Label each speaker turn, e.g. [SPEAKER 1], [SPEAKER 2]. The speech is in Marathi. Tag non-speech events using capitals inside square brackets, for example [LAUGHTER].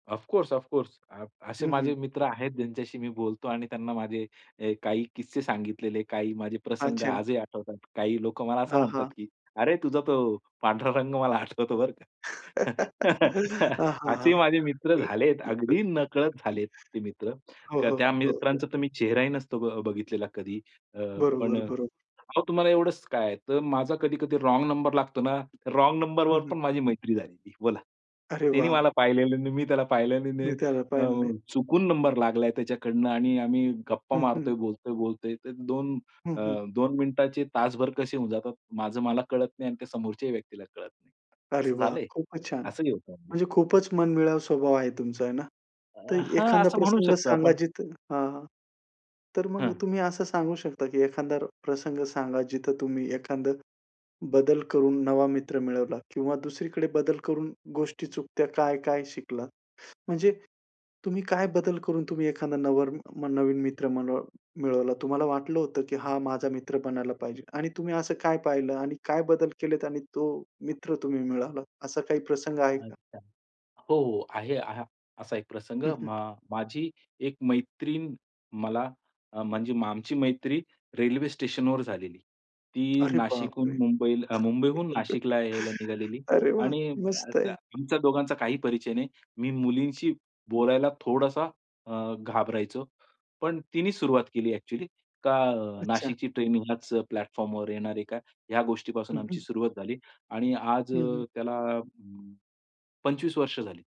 [SPEAKER 1] Of course, of course. अ, असे
[SPEAKER 2] हं, हं.
[SPEAKER 1] माझे मित्र आहेत ज्यांच्याशी मी बोलतो आणि त्यांना माझे हे काही किस्से सांगितलेले काही माझे प्रसंग
[SPEAKER 2] अच्छा.
[SPEAKER 1] आजही आठवतात. काही लोकं मला असं
[SPEAKER 2] हां,
[SPEAKER 1] म्हणतात,
[SPEAKER 2] हां.
[SPEAKER 1] की अरे, तुझा तो पांढरा रंग मला आठवतो बरं का.
[SPEAKER 2] [CHUCKLES] हां,
[SPEAKER 1] [CHUCKLES]
[SPEAKER 2] हां, हां.
[SPEAKER 1] असे माझे मित्र
[SPEAKER 2] [CHUCKLES]
[SPEAKER 1] झालेत, अगदी नकळत झालेत ते मित्र.
[SPEAKER 2] हो, हो.
[SPEAKER 1] त्या
[SPEAKER 2] हो, हो.
[SPEAKER 1] मित्रांचा तर मी चेहराही नसतो ब बघितलेला कधी. अ, पण
[SPEAKER 2] बरोबर, बरोबर.
[SPEAKER 1] अहो, तुम्हाला एवढंच काय आहे? तर माझा कधी-कधी रॉन्ग नंबर लागतो ना, रॉन्ग
[SPEAKER 2] हं,
[SPEAKER 1] नंबरवर
[SPEAKER 2] हं.
[SPEAKER 1] पण माझी मैत्री झालेली बोला.
[SPEAKER 2] अरे
[SPEAKER 1] त्यांनी मला
[SPEAKER 2] वॉव!
[SPEAKER 1] पाहिलेलं नाही, मी त्याला पाहिलं नाही.
[SPEAKER 2] मी त्याला
[SPEAKER 1] अ,
[SPEAKER 2] पाहिलं नाही.
[SPEAKER 1] चुकून नंबर लागलाय त्याच्याकडनं आणि आम्ही गप्पा
[SPEAKER 2] हं, हं.
[SPEAKER 1] मारतोय, बोलतोय, बोलतोय तर 2
[SPEAKER 2] हं,
[SPEAKER 1] अ,
[SPEAKER 2] हं.
[SPEAKER 1] 2 मिनिटाचे तासभर कसे होऊन जातात, माझं मला कळत नाही आणि त्या समोरच्याही व्यक्तीला कळत नाही.
[SPEAKER 2] अरे,
[SPEAKER 1] असं
[SPEAKER 2] वाह!
[SPEAKER 1] झालंय.
[SPEAKER 2] खूपच छान.
[SPEAKER 1] असंही होतं म्हणजे.
[SPEAKER 2] म्हणजे खूपच मनमिळावू स्वभाव आहे तुमचा आहे ना.
[SPEAKER 1] अ,
[SPEAKER 2] तर
[SPEAKER 1] हां,
[SPEAKER 2] एखादा
[SPEAKER 1] असं म्हणू
[SPEAKER 2] प्रसंग
[SPEAKER 1] शकतो
[SPEAKER 2] सांगा
[SPEAKER 1] आपण.
[SPEAKER 2] जिथं हां, हां. तर मग
[SPEAKER 1] हं.
[SPEAKER 2] तुम्ही असं सांगू शकता, की एखादा प्रसंग सांगा जिथं तुम्ही एखादं बदल करून नवा मित्र मिळवला किंवा दुसरीकडे बदल करून गोष्टी चुकतायत काय-काय शिकलात. म्हणजे तुम्ही काय बदल करून तुम्ही एखादं नवर नवीन मित्र मनळ मिळवलात. तुम्हाला वाटलं होतं, की हा माझा मित्र बनायला पाहिजे आणि तुम्ही असं काय पाहिलं आणि काय बदल केलेत आणि तो मित्र तुम्ही मिळाला असा काही प्रसंग आहे का?
[SPEAKER 1] अच्छा. हो, हो. आहे असा एक प्रसंग
[SPEAKER 2] हं, हं.
[SPEAKER 1] म माझी एक मैत्रीण मला अ, म्हणजे आमची मैत्री रेल्वे स्टेशनवर झालेली. ती
[SPEAKER 2] अरे
[SPEAKER 1] नाशिकहून
[SPEAKER 2] बापरे!
[SPEAKER 1] मुंबई मुंबईहून नाशिकला यायला
[SPEAKER 2] [CHUCKLES]
[SPEAKER 1] निघालेली
[SPEAKER 2] अरे वाह!
[SPEAKER 1] आणि
[SPEAKER 2] मस्त आहे.
[SPEAKER 1] आमच्या दोघांचा काही परिचय नाही. मी मुलींशी बोलायला थोडासा अ, घाबरायचो. पण तिनी सुरुवात केली अ‍ॅक्चुअली. का
[SPEAKER 2] अच्छा.
[SPEAKER 1] नाशिकची ट्रेनिंग ह्याच प्लॅटफॉर्मवर येणार आहे का? ह्या गोष्टीपासून
[SPEAKER 2] हं,
[SPEAKER 1] आमची
[SPEAKER 2] हं.
[SPEAKER 1] सुरुवात झाली आणि आज
[SPEAKER 2] हं, हं.
[SPEAKER 1] त्याला अ, 25 वर्ष झाली.